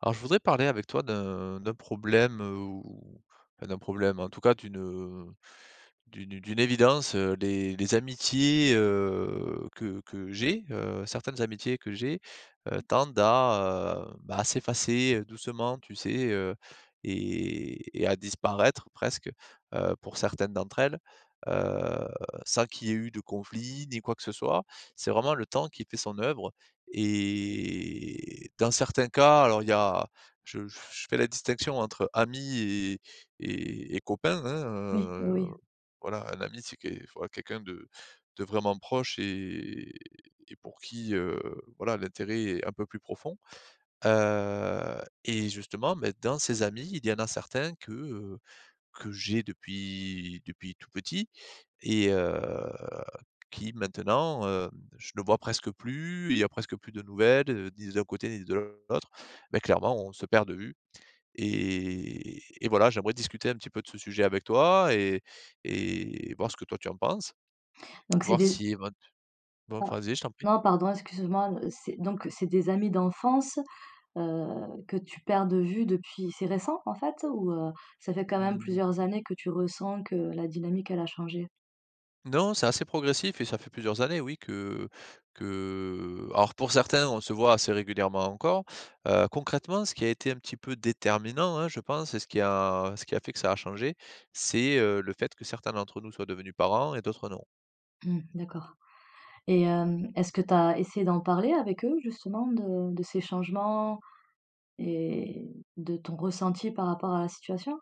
Alors, je voudrais parler avec toi d'un d'un problème ou, enfin d'un problème, en tout cas, d'une, heu, d'une d'une évidence, heu. Les les amitiés, heu, que que j'ai, heu, certaines amitiés que j'ai, heu, tendent à, heu, bah, à s'effacer doucement, tu sais, heu, et et et à disparaître presque, heu, pour certaines d'entre elles, heu, sans qu'il y ait eu de conflits, ni quoi que ce soit. C'est vraiment le temps qui fait son œuvre et dans certains cas, alors, il y a je f je fais la distinction entre amis et et et copains, hein, Oui, oui, heu, oui. voilà, un ami, c'est qué enfin quelqu'un de de vraiment proche et et pour qui, heu, voilà, l'intérêt est un peu plus profond. Heu, et justement, bah, dans ces amis il y en a certains que, heu, que j'ai depuis depuis tout petit et, heu, qui maintenant, heu, je le vois presque plus, il y a presque plus de nouvelles, ni d'un côté ni de l'autre. Mais clairement, on se perd de vue. Et et voilà, j'aimerais discuter un petit peu de ce sujet avec toi et et voir ce que toi, tu en penses, Donc c'est voir des si évent non, Ah, vas-y, je t'en prie. non, pardon, excuse moi. C'est, donc, c'est des amis d'enfance, heu, que tu perds de vue depuis c'est récent en fait ou, heu, ça fait quand même Mmh. plusieurs années que tu ressens que la dynamique elle a changé? Non, c'est assez progressif et ça fait plusieurs années, oui, que que alors pour certains, on se voit assez régulièrement encore. Heu, concrètement ce qui a été un petit peu déterminant, hein, je pense, et ce qui a ce qui a fait que ça a changé, c'est, heu, le fait que certains d'entre nous soient devenus parents et d'autres non. Mmh, d'accord et hem, est-ce que tu as essayé d'en parler avec eux, justement, de de ces changements et de ton ressenti par rapport à la situation?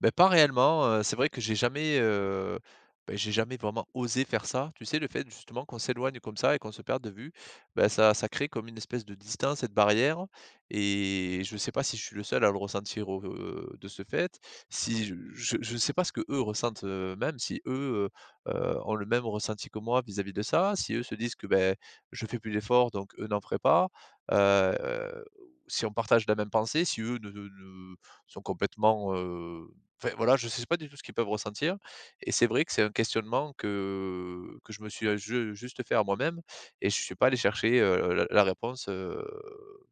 Beh, pas réellement, heu, c'est vrai que j'ai jamais, heu, bah, j'ai jamais vraiment osé faire ça. Tu sais, le fait, justement, qu'on s'éloigne comme ça et qu'on se perde de vue, bah, ça ça crée comme une espèce de distance et de barrière. Et je sais pas si je suis le seul à le ressentir, au, heu, de ce fait, si je je je sais pas ce qu'eux ressentent, heu, même si, eux, heu, heu, ont le même ressenti que moi vis-à-vis de ça, si eux se disent que, beh, je fais plus d'efforts donc eux n'en feraient pas, heu, si on partage la même pensée, si eux ne ne sont complètement heu, enfin, voilà, je sais pas du tout ce qu'ils peuvent ressentir. Et c'est vrai que c'est un questionnement que que je me suis, heu, ju heu, juste fait à moi-même et je suis pas allé chercher, heu, la la réponse, heu,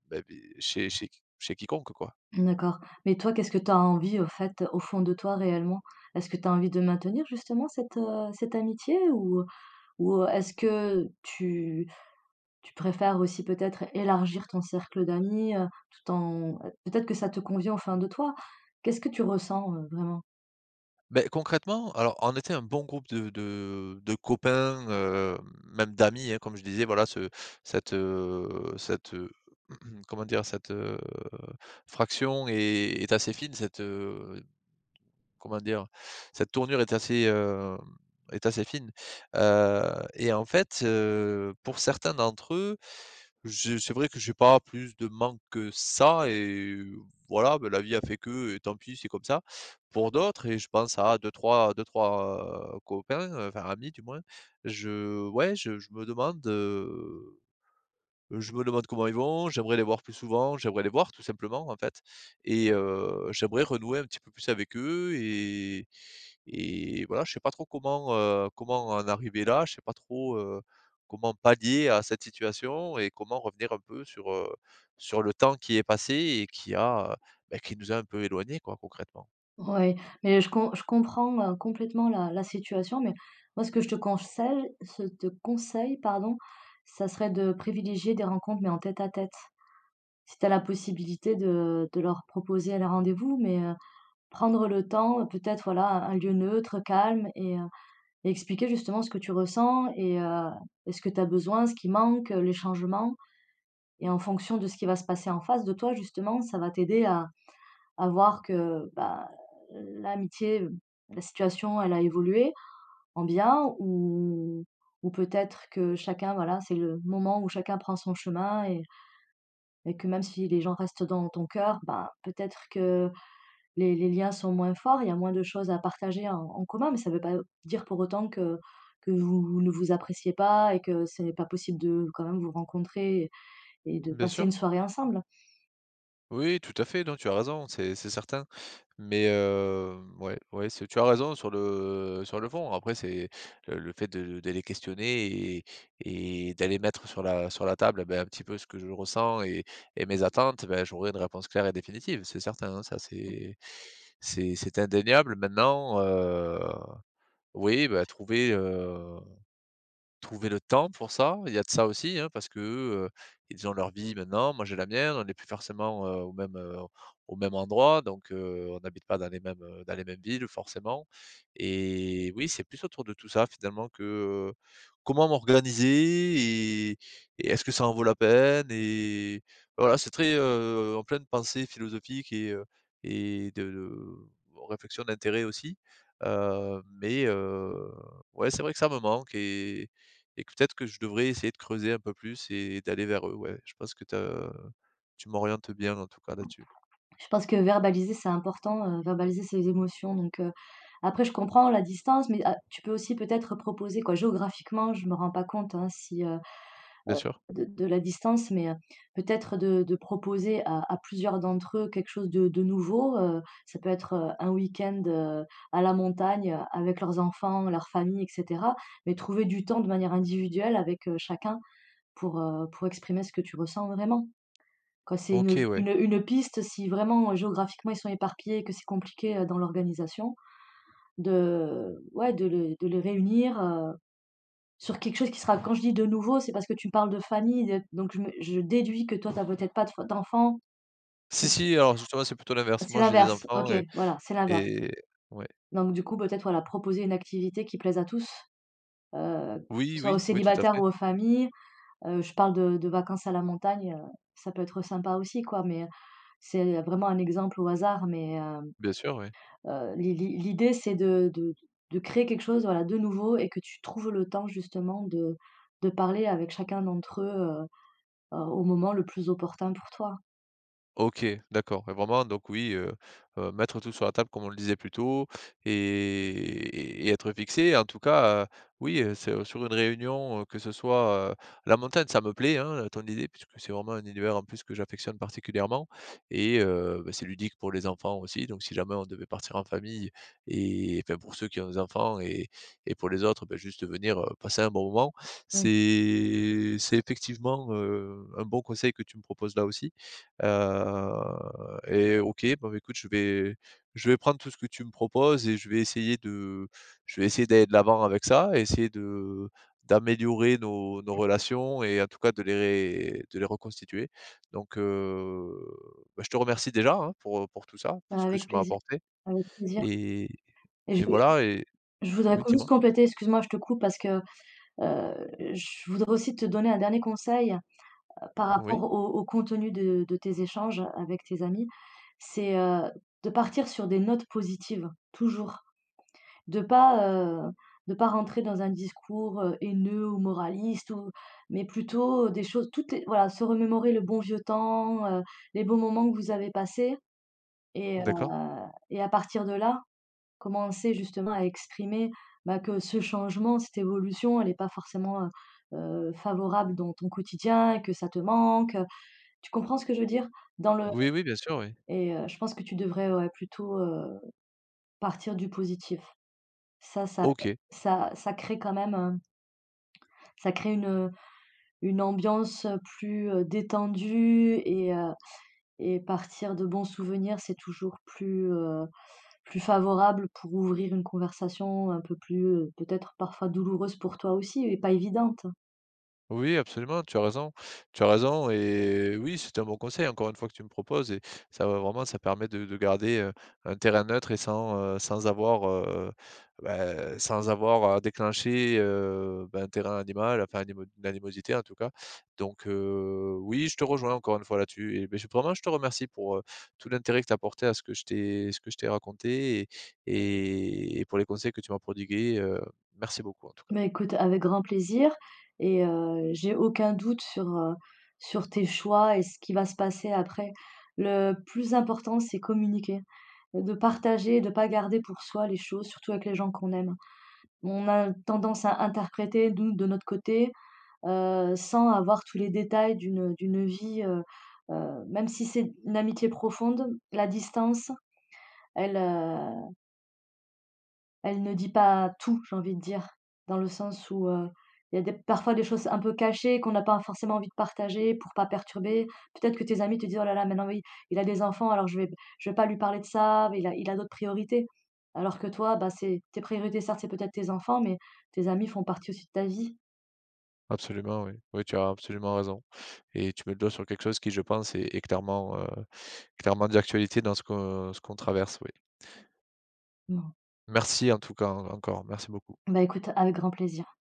bah, beh, chez chez q chez quiconque, quoi. D'accord. Mais toi, qu'est-ce que tu as envie, au fait, au fond de toi, réellement? Est-ce que tu as envie de maintenir, justement, cette, heu, cette amitié ou ou est-ce que tu tu préfères aussi peut-être élargir ton cercle d'amis, heu, tout en peut-être que ça te convient au fin de toi? Qu'est-ce que tu ressens, heu, vraiment? Beh concrètement, alors, on était un bon groupe de de de copains, heu, même d'amis, hein, comme je disais, voilà ce cette, heu, cette, heu, comment dire? Cette, heu, fraction est est assez fine cette, heu, comment dire? Cette tournure est assez, heu, est assez fine. Heu, et en fait, heu, pour certains d'entre eux, je c'est vrai que j'ai pas plus de manque que ça et voilà, bah, la vie a fait que, et tant pis, c'est comme ça. Pour d'autres et je pense à 2-3 2-3 copains, heu, enfin amis, du moins, je ouais, je je me demande, heu, je me demande comment ils vont, j'aimerais les voir plus souvent, j'aimerais les voir tout simplement, en fait et heu, j'aimerais renouer un petit peu plus avec eux et et voilà, je sais pas trop comment, heu, comment en arriver là, je sais pas trop, heu, comment pallier à cette situation et comment revenir un peu sur, heu, sur le temps qui est passé et qui a, beh, qui nous a un peu éloigné, quoi, concrètement. Oui, mais je com je comprends, heu, complètement la la situation. Mais moi, ce que je te consei ce te conseille, pardon, ça serait de privilégier des rencontres, mais en tête-à-tête. Si tu as la possibilité de de leur proposer le rendez-vous, mais heu, prendre le temps peut-être, voilà, un un lieu neutre, calme et, heu, et expliquer, justement, ce que tu ressens et heu et ce que tu as besoin, ce qui manque, les changements. Et en fonction de ce qui va se passer en face de toi, justement, ça va t'aider à à voir que, bah, l'amitié, la situation, elle a évolué, en bien ou ou peut-être que chacun, voilà, c'est le moment où chacun prend son chemin et et que même si les gens restent dans ton cœur, ben, peut-être que les les liens sont moins forts, il y a moins de choses à partager en en commun, mais ça veut pas dire pour autant que que vous vous ne vous appréciez pas et que ce n'est pas possible de quand même vous rencontrer et et de Bien passer une sûr. soirée ensemble. Oui, tout à fait. Non, tu as raison, c'est c'est certain, mais heu, ouais ouais c'est tu as raison sur le sur le fond. Après, c'est le le fait de de les questionner et et et d'aller mettre sur la sur la table, et bah, un petit peu ce que je ressens et et mes attentes. Ben, j'aurai une réponse claire et définitive, c'est certain, hein. Ça, c'est c'est c'est indéniable. Maintenant, heu, oui, bah trouver, heu, trouver le temps pour ça, il y a de ça aussi, hein, parce que, heu, ils ont leur vie, maintenant, moi, j'ai la mienne. On est plus forcément, heu, au même, heu, au même endroit donc heu, on habite pas dans les mêmes, heu, dans les mêmes villes forcément et oui, c'est plus autour de tout ça, finalement, que, heu, comment m'organiser et et est-ce que ça en vaut la peine, et voilà, c'est très, heu en pleine pensée philosophique et heu, et de réflexion d'intérêt aussi, heu, mais heu, ouais, c'est vrai que ça me manque et et peut-être que je devrais essayer de creuser un peu plus et d'aller vers eux. Ouais, je pense que tu as tu m'orientes bien, en tout cas, là-dessus. Je pense que verbaliser, c'est important, heu, verbaliser ses émotions, donc heu, après, je comprends la distance, mais heu, tu peux aussi peut-être proposer, quoi. Géographiquement, je me rends pas compte, hein, si, heu Bien heu, sûr. de de la distance, mais heu, peut-être de de proposer à à plusieurs d'entre eux quelque chose de de nouveau. Heu, ça peut être, heu, un week-end, heu, à la montagne avec leurs enfants, leurs familles, et cetera, mais trouver du temps, de manière individuelle, avec, heu, chacun pour, heu, pour exprimer ce que tu ressens vraiment. Quand c'est une OK, ouais. une une piste, si vraiment, heu, géographiquement, ils sont éparpillés et que c'est compliqué, heu, dans l'organisation, de ouais, de le de les réunir, heu, sur quelque chose qui sera, quand je dis: «de nouveau,» c'est parce que tu parles de famille, de donc je me je déduis que toi, tu as peut-être pas de f d'enfant. Si si, alors justement, c'est plutôt [unintelligible] l'inverse. C'est Moi, j'ai des l'inverse. enfants OK, et voilà, c'est l'inverse. et ouais. Donc, du coup, peut-être, voilà, proposer une activité qui plaise à tous, heu, Oui, soit aux oui, oui, tout à célibataires fait. ou aux familles. Heu, je parle de de vacances à la montagne. Heu, ça peut être sympa aussi, quoi, mais heu, c'est vraiment un exemple au hasard, mais heu Bien sûr, oui. heu, l'i l'idée, c'est de de créer quelque chose, voilà, de nouveau et que tu trouves le temps, justement, de de parler avec chacun d'entre eux, heu heu, au moment le plus opportun pour toi. OK, d'accord et vraiment donc, oui, heu heu, mettre tout sur la table comme on le disait plus tôt et et être fixé et en tout cas, heu, oui, heu, c'est sur une réunion, heu, que ce soit, heu, la montagne, ça me plaît, hein, ton idée puisque c'est vraiment un univers en plus que j'affectionne particulièrement et heu, bah, c'est ludique pour les enfants aussi donc si jamais on devait partir en famille et enfin, pour ceux qui ont des enfants et et pour les autres, bah, juste venir, heu, passer un bon moment. Oui. C'est c'est effectivement, heu, un bon conseil que tu me proposes là, aussi, heu et OK. Bon, ben, écoute, je vais je vais prendre tout ce que tu me proposes et je vais essayer de je vais essayer d'aller de l'avant avec ça et essayer de d'améliorer nos nos relations et en tout cas de les de les reconstituer donc heu, bah, je te remercie déjà, hein, pour pour tout ça, pour Bah, ce que avec tu m'as plaisir, apporté avec plaisir et et je et veux juste voilà et je voudrais oui, juste dis-moi? compléter, excuse-moi, je te coupe parce que, heu, je voudrais aussi te donner un dernier conseil, heu, par rapport Oui. au au contenu de de tes échanges, heu, avec tes amis, c'est, heu, de partir sur des notes positives toujours, de pas, heu, de pas rentrer dans un discours, heu, haineux ou moraliste ou mais plutôt des choses tout est voilà, se remémorer le bon vieux temps, heu, les bons moments que vous avez passés et heu D'accord. et à partir de là, commencer justement à exprimer, bah, que ce changement, cette évolution, elle est pas forcément, heu heu, favorable dans ton quotidien, que ça te manque, heu, tu comprends ce que je veux dire? Dans le Oui, oui, bien sûr, oui. et heu, je pense que tu devrais, ouais, plutôt, heu, partir du positif. Ça ça OK. ça ça crée quand même un ça crée une, heu, une ambiance plus, heu, détendue et heu et partir de bons souvenirs c'est toujours plus, heu, plus favorable pour ouvrir une conversation un peu plus, heu, peut-être parfois douloureuse pour toi aussi et pas évidente. Oui, oui, absolument, tu as raison. Tu as raison et oui c'est un bon conseil encore une fois, que tu me proposes et ça va vraiment ça permet de de garder, heu, un terrain neutre et sans, heu, sans avoir, heu, bah, sans avoir à déclencher, heu, bah, un terrain animal, enfin animo une animosité en tout cas. Donc heu, oui je te rejoins encore une fois là, tu eh ben je vraiment je te remercie pour, heu, tout l'intérêt que t'as apporté à ce que je t'ai ce que je t'ai raconté et et pour les conseils que tu m'as prodigués, heu, merci beaucoup en tout cas. Bah, écoute avec grand plaisir et heu, j'ai aucun doute sur, heu, sur tes choix et ce qui va se passer après. Le plus important c'est communiquer. De partager, de pas garder pour soi les choses, surtout avec les gens qu'on aime. On a tendance à interpréter, nous, de notre côté, heu, sans avoir tous les détails d'une, heu d'une vie, heu, heu, même si c'est une amitié profonde la distance, elle, heu elle ne dit pas tout, j'ai envie de dire. Dans le sens où, heu, il y a des parfois des choses un peu cachées qu'on n'a pas forcément envie de partager pour pas perturber. Peut-être que tes amis te dit: «Oh là là maintenant oui, il a des enfants alors je vais b je vais pas lui parler de ça, beh il a il a d'autres priorités». Alors que toi, bah, c'est tes priorités certes c'est peut-être tes enfants, mais tes amis font partie aussi de ta vie. Absolument oui, oui tu as absolument raison et tu mets le doigt sur quelque chose qui je pense est est clairement, heu, est clairement d'actualité dans ce que qu'on traverse, oui. Mmh. Merci en tout cas hein, encore merci beaucoup. Bah, écoute avec grand plaisir.